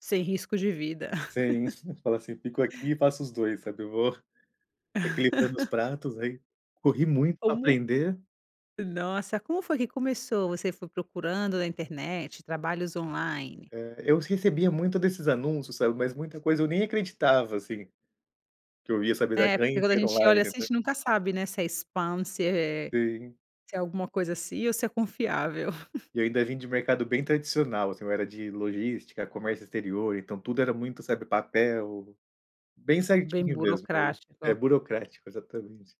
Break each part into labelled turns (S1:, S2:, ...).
S1: Sem risco de vida.
S2: Sim, fala assim: "Fico aqui e faço os 2," sabe, eu vou equilibrando os pratos, aí corri muito para
S1: Como
S2: aprender.
S1: Nossa, como foi que começou, você foi procurando na internet, trabalhos online?
S2: É, eu recebia muito desses anúncios, sabe, mas muita coisa eu nem acreditava, assim, que eu ia saber dar,
S1: É, porque
S2: "ganhe
S1: quando a
S2: dinheiro
S1: gente
S2: online",
S1: olha assim, a
S2: né.
S1: gente nunca sabe, né, se é spam se é é
S2: Sim.
S1: se é alguma coisa assim, ou se é confiável.
S2: E ainda vim de mercado bem tradicional assim, eu era de logística, comércio exterior, então tudo era muito, sabe, papel, bem
S1: Bem
S2: certinho mesmo. É,
S1: burocrático.
S2: burocrático, exatamente.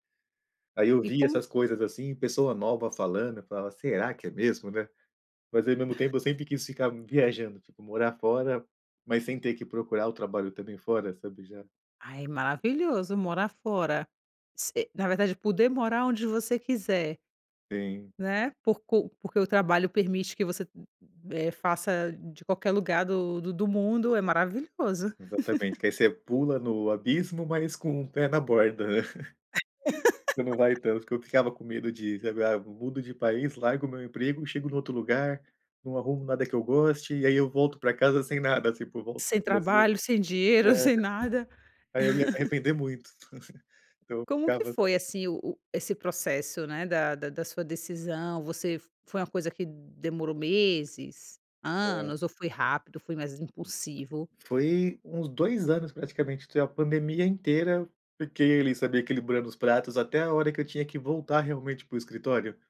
S2: Aí eu
S1: E
S2: via
S1: como
S2: essas coisas assim, pessoa nova falando, eu falava: "Será que é mesmo, né". Mas ao mesmo tempo, eu sempre quis ficar viajando, tipo, morar fora, mas sem ter que procurar o trabalho também fora, sabe, já.
S1: Ai, maravilhoso, morar fora, se na verdade poder morar onde você quiser
S2: Sim.
S1: né, porcu porque o trabalho permite que você, eh, faça de qualquer lugar do do do mundo, é maravilhoso.
S2: Exatamente, aí você pula no abismo, mas com um pé na borda. Você não vai tanto, que eu ficava com medo de, sabe, "Ah, mudo de país, largo o meu emprego, chego no outro lugar, não arrumo nada que eu goste, e aí eu volto para casa sem nada, tipo, volto
S1: Sem
S2: para o Brasil".
S1: trabalho, sem dinheiro,
S2: É.
S1: sem nada.
S2: Aí eu ia me arrepender muito, então eu
S1: Como que
S2: ficava
S1: foi, assim, o o esse processo, né, da da da sua decisão? Você f foi uma coisa que demorou meses,
S2: É.
S1: anos ou foi rápido, foi mais impulsivo?
S2: Foi uns 2 anos praticamente, tinha a pandemia inteira, fiquei ali, sabe, equilibrando os pratos, até a hora que eu tinha que voltar, realmente, para o escritório.